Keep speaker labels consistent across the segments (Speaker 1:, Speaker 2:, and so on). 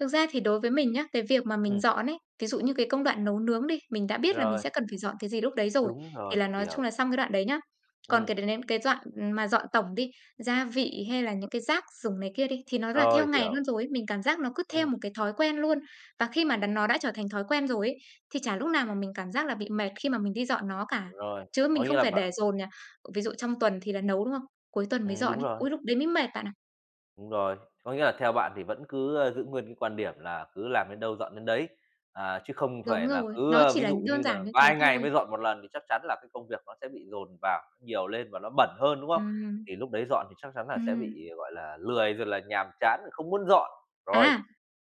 Speaker 1: Thực ra thì đối với mình nhá, cái việc mà mình
Speaker 2: Ừm.
Speaker 1: dọn ấy, ví dụ như cái công đoạn nấu nướng đi, mình đã biết là mình
Speaker 2: Rồi.
Speaker 1: sẽ cần phải dọn cái gì lúc đấy rồi,
Speaker 2: Đúng
Speaker 1: thì
Speaker 2: rồi,
Speaker 1: là nói chung
Speaker 2: hiểu.
Speaker 1: là xong cái đoạn đấy nhá. Còn
Speaker 2: Ừm.
Speaker 1: cái đến đến cái đoạn mà dọn tổng đi, gia vị hay là những cái rác rủng này kia đi, thì nó là theo
Speaker 2: Rồi,
Speaker 1: ngày
Speaker 2: hiểu.
Speaker 1: luôn rồi ấy. Mình cảm giác nó cứ theo
Speaker 2: Ừm.
Speaker 1: một cái thói quen luôn. Và khi mà đã nó đã trở thành thói quen rồi ấy, thì chả lúc nào mà mình cảm giác là bị mệt khi mà mình đi dọn nó cả.
Speaker 2: Rồi,
Speaker 1: Chứ mình
Speaker 2: có nghĩa
Speaker 1: không
Speaker 2: là
Speaker 1: phải để
Speaker 2: bạn
Speaker 1: dồn nhà. Ví dụ trong tuần thì là nấu, đúng không? Cuối tuần mới
Speaker 2: Ừm,
Speaker 1: dọn
Speaker 2: đúng
Speaker 1: ấy.
Speaker 2: rồi.
Speaker 1: Ui lúc đấy mới mệt bạn ạ.
Speaker 2: Đúng rồi, có nghĩa là theo bạn thì vẫn cứ, ơ, giữ nguyên cái quan điểm là cứ làm đến đâu, dọn đến đấy, à, chứ không
Speaker 1: Đúng
Speaker 2: phải là
Speaker 1: rồi,
Speaker 2: cứ,
Speaker 1: nó
Speaker 2: ơ,
Speaker 1: chỉ
Speaker 2: ví
Speaker 1: là
Speaker 2: dụ
Speaker 1: đơn
Speaker 2: như là
Speaker 1: giản như thế
Speaker 2: vài ngày
Speaker 1: thôi.
Speaker 2: mới dọn một lần thì chắc chắn là cái công việc nó sẽ bị dồn vào nhiều lên và nó bẩn hơn, đúng không?
Speaker 1: Ừm.
Speaker 2: Thì lúc đấy dọn thì chắc chắn là sẽ
Speaker 1: Ừm.
Speaker 2: bị, gọi là, lười rồi là nhàm chán không muốn dọn. Rồi.
Speaker 1: À!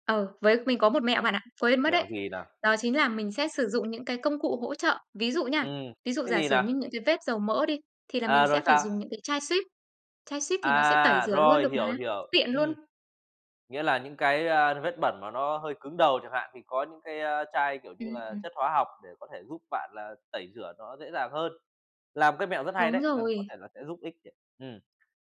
Speaker 1: Ừ, với mình có một mẹo bạn ạ, quên mất đấy.
Speaker 2: Mẹo gì nào?
Speaker 1: Đó chính là mình sẽ sử dụng những cái công cụ hỗ trợ. Ví dụ nha,
Speaker 2: Ừm,
Speaker 1: ví dụ
Speaker 2: cái
Speaker 1: giả
Speaker 2: gì
Speaker 1: sử
Speaker 2: nào?
Speaker 1: như những cái vết dầu mỡ đi, thì là mình
Speaker 2: À!
Speaker 1: sẽ
Speaker 2: Rồi
Speaker 1: phải
Speaker 2: sao?
Speaker 1: dùng những cái chai Cif, chai Cif thì nó sẽ tẩy
Speaker 2: À!
Speaker 1: rửa luôn
Speaker 2: Rồi,
Speaker 1: được
Speaker 2: hiểu,
Speaker 1: mà,
Speaker 2: hiểu,
Speaker 1: tiện luôn.
Speaker 2: ừm. Nghĩa là những cái, a, vết bẩn mà nó hơi cứng đầu chẳng hạn, thì có những cái, á, chai, kiểu như là,
Speaker 1: Ừm.
Speaker 2: chất hóa học để có thể giúp bạn là tẩy rửa nó dễ dàng hơn. Là một cái mẹo rất hay
Speaker 1: Đúng
Speaker 2: đấy, ừ, có
Speaker 1: rồi.
Speaker 2: thể là sẽ giúp ích đấy. Ừm.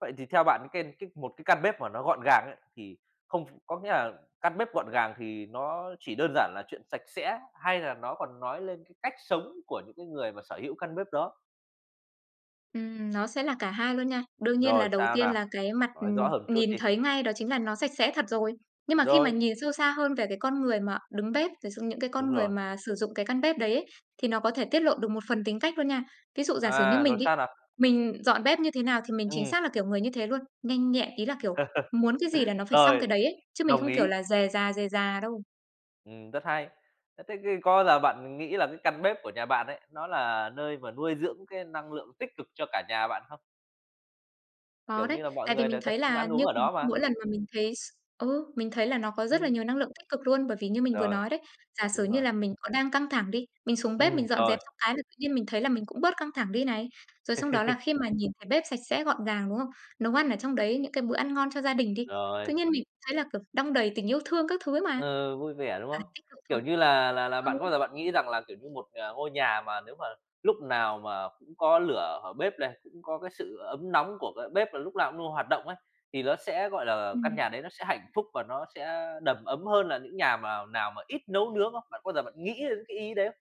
Speaker 2: Vậy thì theo bạn ken kích một cái căn bếp mà nó gọn gàng ấy, thì không có nghĩa là căn bếp gọn gàng thì nó chỉ đơn giản là chuyện sạch sẽ, hay là nó còn nói lên cái cách sống của những cái người mà sở hữu căn bếp đó?
Speaker 1: Ừm, nó sẽ là cả 2 luôn nha. Đương nhiên là
Speaker 2: Rồi,
Speaker 1: đầu
Speaker 2: sao
Speaker 1: tiên
Speaker 2: nào?
Speaker 1: là cái mặt,
Speaker 2: Nói
Speaker 1: ừm,
Speaker 2: rõ hơn chút
Speaker 1: nhìn
Speaker 2: đi.
Speaker 1: thấy ngay đó chính là nó sạch sẽ thật rồi. Nhưng mà khi mà
Speaker 2: Rồi.
Speaker 1: nhìn sâu xa hơn về cái con người mà đứng bếp, thật sự những cái con
Speaker 2: Đúng
Speaker 1: người
Speaker 2: rồi.
Speaker 1: mà sử dụng cái căn bếp đấy ấy, thì nó có thể tiết lộ được một phần tính cách luôn nha. Ví dụ giả sử như
Speaker 2: À! Rồi
Speaker 1: mình đi,
Speaker 2: sao nào?
Speaker 1: mình dọn bếp như thế nào thì mình chính
Speaker 2: Ừm.
Speaker 1: xác là kiểu người như thế luôn, nhanh nhẹn, ý là, kiểu, muốn cái gì là nó phải xong
Speaker 2: Rồi,
Speaker 1: cái đấy ấy, chứ mình không, kiểu
Speaker 2: ý.
Speaker 1: là, rề rà, rề rà đâu.
Speaker 2: Ừm, rất hay. Ờ, thế thì có giờ bạn nghĩ là cái căn bếp của nhà bạn ấy, nó là nơi mà nuôi dưỡng cái năng lượng tích cực cho cả nhà bạn không?
Speaker 1: Có
Speaker 2: Kiểu
Speaker 1: đấy.
Speaker 2: như là, mọi
Speaker 1: Tại vì
Speaker 2: người
Speaker 1: mình
Speaker 2: đều tập
Speaker 1: thấy
Speaker 2: trung
Speaker 1: là
Speaker 2: ăn uống
Speaker 1: như
Speaker 2: ở
Speaker 1: mình
Speaker 2: đó mà.
Speaker 1: mỗi lần mà mình thấy s ừ, mình thấy là nó có rất là
Speaker 2: Ừm.
Speaker 1: nhiều năng lượng tích cực luôn. Bởi vì như mình vừa
Speaker 2: Rồi,
Speaker 1: nói đấy, giả sử
Speaker 2: đúng
Speaker 1: như
Speaker 2: rồi.
Speaker 1: là mình có đang căng thẳng đi, mình xuống bếp
Speaker 2: Ừm,
Speaker 1: mình dọn
Speaker 2: rồi.
Speaker 1: dẹp xong cái là tự nhiên mình thấy là mình cũng bớt căng thẳng đi này. Rồi xong đó là khi mà nhìn thấy bếp sạch sẽ, gọn gàng, đúng không? Nấu ăn ở trong đấy những cái bữa ăn ngon cho gia đình đi,
Speaker 2: Rồi.
Speaker 1: tự nhiên mình cũng thấy là, kiểu, đong đầy tình yêu thương các thứ ấy mà.
Speaker 2: Ờ, vui vẻ, đúng
Speaker 1: À!
Speaker 2: không?
Speaker 1: Tít đầu
Speaker 2: Kiểu
Speaker 1: thôn.
Speaker 2: như là, là là bạn
Speaker 1: Ừ.
Speaker 2: có bao giờ bạn nghĩ rằng là, kiểu như, một, ờ, ngôi nhà mà nếu mà lúc nào mà cũng có lửa ở bếp này, cũng có cái sự ấm nóng của cái bếp và lúc nào cũng luôn hoạt động ấy, thì nó sẽ, gọi là, căn
Speaker 1: Ừm.
Speaker 2: nhà đấy nó sẽ hạnh phúc và nó sẽ đầm ấm hơn là những nhà mào nào mà ít nấu nướng không? Bạn có bao giờ bạn nghĩ đến cái ý đấy không?